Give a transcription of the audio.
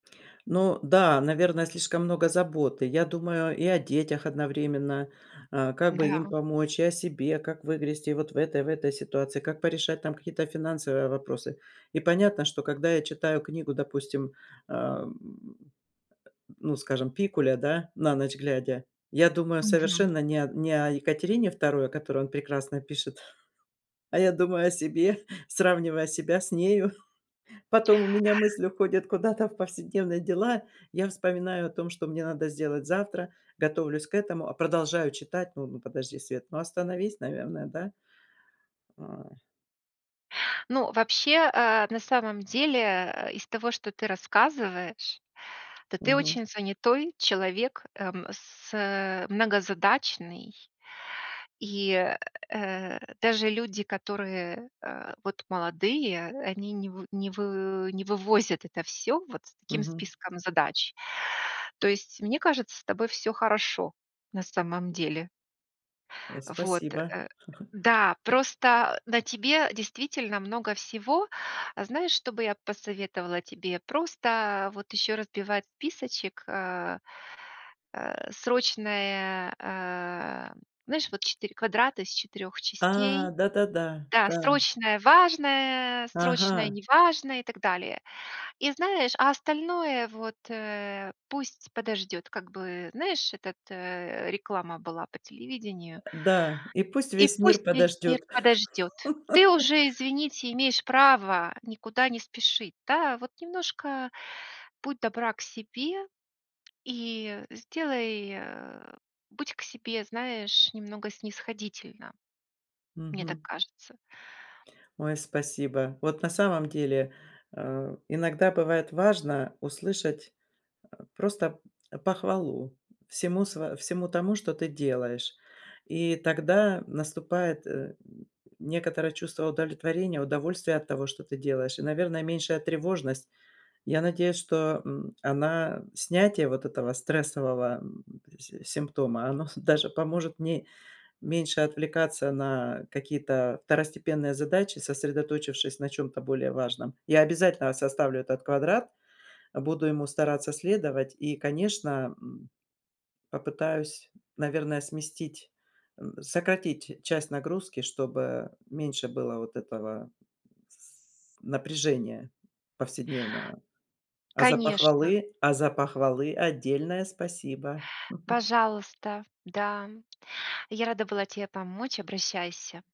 Ну, да, наверное, слишком много заботы. Я думаю и о детях одновременно, а, как бы им Да. помочь, и о себе, как выгрести вот в этой, в этой ситуации, как порешать там какие-то финансовые вопросы. И понятно, что когда я читаю книгу, допустим, ам, ну, скажем, Пикуля, да, на ночь глядя, я думаю Мгм. совершенно не о не о Екатерине II, о которой он прекрасно пишет, а я думаю о себе, сравнивая себя с нею. Потом у меня мысль уходит куда-то в повседневные дела, я вспоминаю о том, что мне надо сделать завтра, готовлюсь к этому, а продолжаю читать. Н ну, подожди, Свет, ну, остановись, наверное, да. Ой. Ну, вообще, а, на самом деле, э, из того, что ты рассказываешь, то ты Мгм. очень занятой человек, эм, с э, многозадачный. И, э, даже люди, которые, а, вот молодые, они не в не вы не вывозят это всё, вот с таким Мгм. списком задач. То есть мне кажется, с тобой всё хорошо, на самом деле. А, Вот, спасибо. э, да, просто на тебе действительно много всего. Знаешь, что бы я посоветовала тебе? Просто вот еще разбивать списочек, а, срочные, а Знаешь, вот 4 квадрата из 4 А, частей? да-да-да, Да, да. срочное-важное, Ага. срочное-неважное, и так далее. И знаешь, а остальное вот, э, пусть подождет, как бы. Знаешь, этот, э, реклама была по телевидению- Да, и пусть "И весь мир пусть весь мир подождет. подождет". Ты уже, извините, имеешь право никуда не спешить, да. Вот немножко будь добра к себе и сделай, а, будь к себе, знаешь, немного снисходительна. Мне так Мгм. кажется. Ой, спасибо. Вот на самом деле, а, иногда бывает важно услышать просто похвалу всему сво всему тому, что ты делаешь, и тогда наступает, э, некоторое чувство удовлетворения, удовольствие от того, что ты делаешь, и, наверное, меньшая тревожность. Я надеюсь, что, м, она снятие вот этого стрессового си симптома, оно с даже поможет мне меньше отвлекаться на какие-то второстепенные задачи, сосредоточившись на чём-то более важном. Я обязательно составлю этот квадрат, буду ему стараться следовать и, конечно, м, попытаюсь, наверное, сместить, м, сократить часть нагрузки, чтобы меньше было вот этого с напряжения повседневного. А за Конечно. похвалы а за похвалы отдельное спасибо! Пожалуйста. Да, я рада была те помочь. Обращайся.